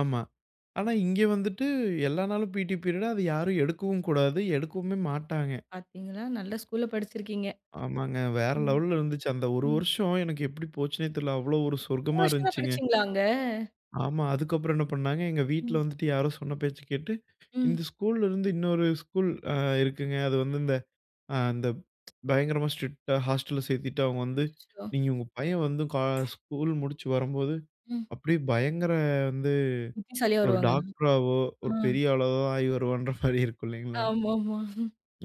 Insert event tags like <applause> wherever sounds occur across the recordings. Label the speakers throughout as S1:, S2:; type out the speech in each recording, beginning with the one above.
S1: ஆமா. ஆனா, இங்க வந்துட்டு எல்லா நாளும் பிடீ பீரியட் அத யாரும் எடுக்கவும் கூடாது எடுக்கவுமே மாட்டாங்க.
S2: பார்த்தீங்களா நல்ல ஸ்கூல்ல படிச்சிருக்கீங்க.
S1: ஆமாங்க. வேற
S2: ம்.
S1: லெவல்ல இருந்ததுச்சு. அந்த 1
S2: ம்.
S1: வருஷம் எனக்கு எப்டி போச்சுன்னே தெரியல. அவ்வளோ ஒரு
S2: 1
S1: சொர்க்கமா
S2: வருஷம் தான்
S1: இருஞ்சுங்க.
S2: படிச்சிங்களா அங்க?
S1: ஆமா. அதுக்கப்புறம் என்ன பண்ணாங்க எங்க வீட்ல
S2: ம்.
S1: வந்துட்டு யாரோ சொன்ன பேச்ச கேட்டு,
S2: ம்.
S1: இந்த ஸ்கூலருந்து இன்னொரு ஸ்கூல் அ இருக்குங்க அ அது வந்து இந்த அ இந்த <tsk> பயங்கரமா ஸ்ட்ரிக்ட்டா ஹாஸ்டல்ல சேர்த்துட்டு. அவங்க வந்து
S2: அச்சச்சோ!
S1: நீங்க உங்க பையன் வந்து க ஸ்கூல் முடிச்சு வரும்போது,
S2: ம்.
S1: அப்டியே பயங்கர வந்து
S2: புத்திசாலியா
S1: ஒரு
S2: வருவாங்கன்னு.
S1: டாக்டராவோ ஒரு
S2: அ.
S1: பெரிய ஆளாவோ ஆயிவருவான்ற மாரி இருக்கும் இல்லைங்களா?
S2: ஆமாமா.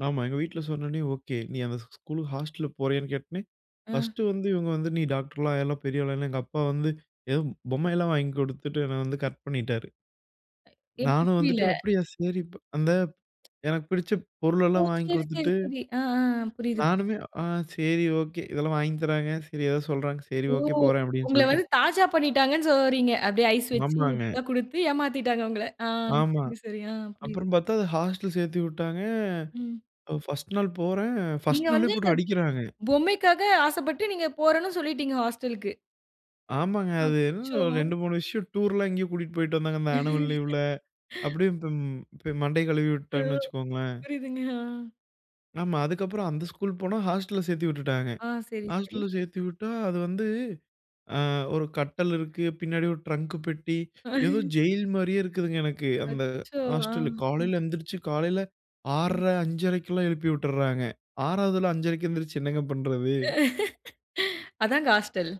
S1: ஆமா. எங்க வீட்ல சொன்னவுனே, ஓகே நீ அந்த ஸ் ஸ்கூல்க்கு ஹாஸ்டல்ல போறியான்னு கேட்டோனே,
S2: ஆ.
S1: பர்ஸ்ட் வந்து இவங்க வந்து, நீ டாக்டர்லாம் ஆயிரலாம் பெரிய ஆள்ன்னு, எங்க அப்பா வந்து ஏதோ பொம்மை எல்லாம் வாங்கி குடுத்துட்டு என்னை வந்து கரெக்ட் பண்ணிட்டாரு.
S2: எப்டி
S1: நானும்
S2: புரியல?
S1: வந்துட்டு அப்டியா, சரி ப் அந்த <tsk> எனக்கு பிடிச்ச
S2: ஓ!
S1: பொருளெல்லாம் வாங்கிக்
S2: சரி, சரி,
S1: குடுத்துட்டு.
S2: சரி. ஆ, ஆ புரியுது.
S1: நானுமே அ சரி ஓகே இதெல்லாம் வாங்கி தராங்க. சரி ஏதோ சொல்றாங்க, சரி
S2: ஓ!
S1: ஓகே போறேன் அப்டின்னு
S2: உங்கள வந்து
S1: சொல்ட்டேன்.
S2: தாஜா பண்ணிட்டாங்கன்னு சொல்லவரீங்க. அப்டியே ஐஸ் வச்சு
S1: ஆமாங்க.
S2: இப்டிலாம் குடுத்து ஏமாத்திட்டாங்க உங்கள. ஆ
S1: ஆமா.
S2: சரி, சரி ஆ புரியிது. ம்.
S1: அப்புறம் பார்த்தா அத ஹாஸ்டல் சேர்த்துவிட்டாங்க.
S2: ம்.
S1: 1ஸ்ட் நாள் போறேன்.
S2: நீங்க
S1: 1ஸ்ட் நாளே
S2: வந்து இந்த
S1: போட்டு அடிக்கிறாங்க.
S2: பொம்மைக்காக ஆசப்பட்டு, நீங்க போறேன்ன்னு சொல்லிட்டீங்க ஹாஸ்டல்க்கு.
S1: ஆமாங்க. அது என்ன
S2: அச்சச்சோ!
S1: ஒரு 2, 3 விஷயம் டூர்லாம் எங்கேயோ கூட்டிட்டு போய்ட்டு வந்தாங்க, இந்த ஆனுவல் லீவ்ல
S2: <chuckles>
S1: அப்டியே இப்பம் இப்ப மண்டைய கழுவி
S2: ஆ,
S1: விட்டுட்டாங்கன்னு வச்சுக்கோங்களேன்.
S2: புரியுதுங்க. ஆ.
S1: ஆமா. அதுக்கப்புறம் அந்த ஸ்கூல் போனா ஹாஸ்டல்ல சேர்த்து விட்டுட்டாங்க.
S2: ஆ சரி, சரி.
S1: ஹாஸ்டல்ல சேர்த்து விட்டா, அது வந்து ஆ. 1 கட்டல் இருக்கு. பின்னாடி 1 ட்ரங்க் பெட்டி
S2: ஆ.
S1: ஏதோ ஜெயில் மாரியே இருக்குதுங்க எனக்கு அந்த
S2: அச்சச்சோ! ஆ.
S1: ஹாஸ்டல்
S2: ம்.
S1: காலையில எந்திருச்சு காலையில
S2: ம்.
S1: 6:30, 5:30க்குலாம் எழுப்பி வுட்டுறாங்க. 6வது 5:30க்கு எந்திரிச்சு என்னங்க பண்றது.
S2: <laughs> அதாங்க ஹாஸ்டல்.